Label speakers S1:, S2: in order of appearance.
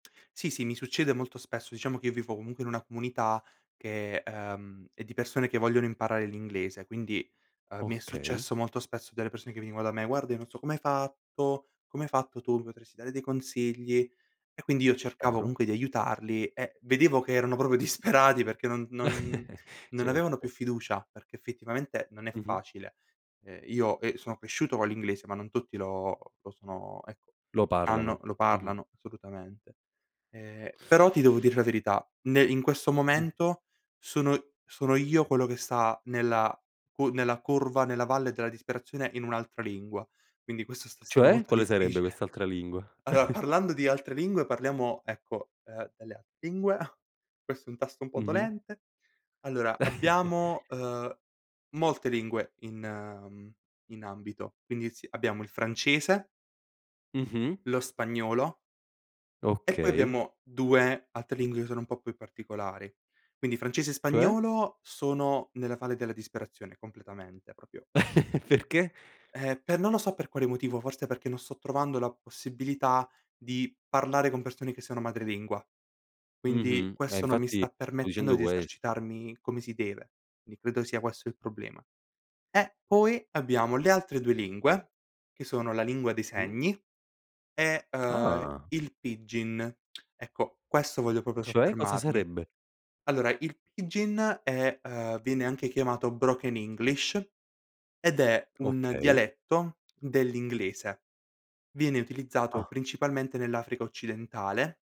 S1: Sì, sì, mi succede molto spesso, diciamo che vivo comunque in una comunità che, ehm, è di persone che vogliono imparare l'inglese, quindi, ehm, mi è
S2: Okay.
S1: successo molto spesso delle persone che venivano da me: "Guarda, io non so come hai fatto come hai fatto tu, mi potresti dare dei consigli". E quindi io cercavo
S2: Chiaro.
S1: comunque di aiutarli, eh, vedevo che erano proprio disperati perché non non non avevano più
S2: Certo.
S1: fiducia, perché effettivamente non è
S2: Mh-mh.
S1: facile. E io, ehm, sono cresciuto con l'inglese, ma non tutti lo lo sono ecco, lo
S2: Lo
S1: sanno, lo
S2: parlano, mh-mh.
S1: parlano assolutamente. Ehm, però ti devo dire la verità, nel in questo
S2: Mh.
S1: momento sono sono io quello che sta nella cu nella curva, nella valle della disperazione in un'altra lingua, quindi questo stesso
S2: Cioè,
S1: molto
S2: quale sarebbe
S1: difficile.
S2: quest'altra lingua?
S1: Allora, parlando di altre lingue parliamo, ecco, ehm, delle altre lingue. Questo è un tasto un po'
S2: Mh-mh.
S1: dolente. Allora, abbiamo, ehm, molte lingue in in ambito. Quindi, sì, abbiamo il francese
S2: Mh-mh.
S1: lo spagnolo e poi
S2: Okay.
S1: abbiamo 2 altre lingue che sono un po' più particolari. Quindi francese e
S2: Cioè?
S1: spagnolo, sono nella valle della disperazione completamente, proprio
S2: Perché?
S1: Ehm, per non lo so per quale motivo, forse perché non sto trovando la possibilità di parlare con persone che sono madrelingua. Quindi,
S2: Mh-mh. Eh,
S1: questo non mi
S2: infatti
S1: sta
S2: sto
S1: permettendo
S2: dicendo
S1: di
S2: questo.
S1: esercitarmi come si deve, quindi credo sia questo il problema. Eh, poi abbiamo le altre 2 lingue, che sono la lingua dei
S2: Mh.
S1: segni e, ehm,
S2: Ah.
S1: il pidgin. Ecco, questo voglio proprio
S2: Cioè? Cosa
S1: soffermarmi.
S2: sarebbe?
S1: Allora, il pidgin è ehm, viene anche chiamato broken english, ed è un
S2: Okay.
S1: dialetto dell'inglese. Viene utilizzato
S2: Ah.
S1: principalmente nell'Africa occidentale.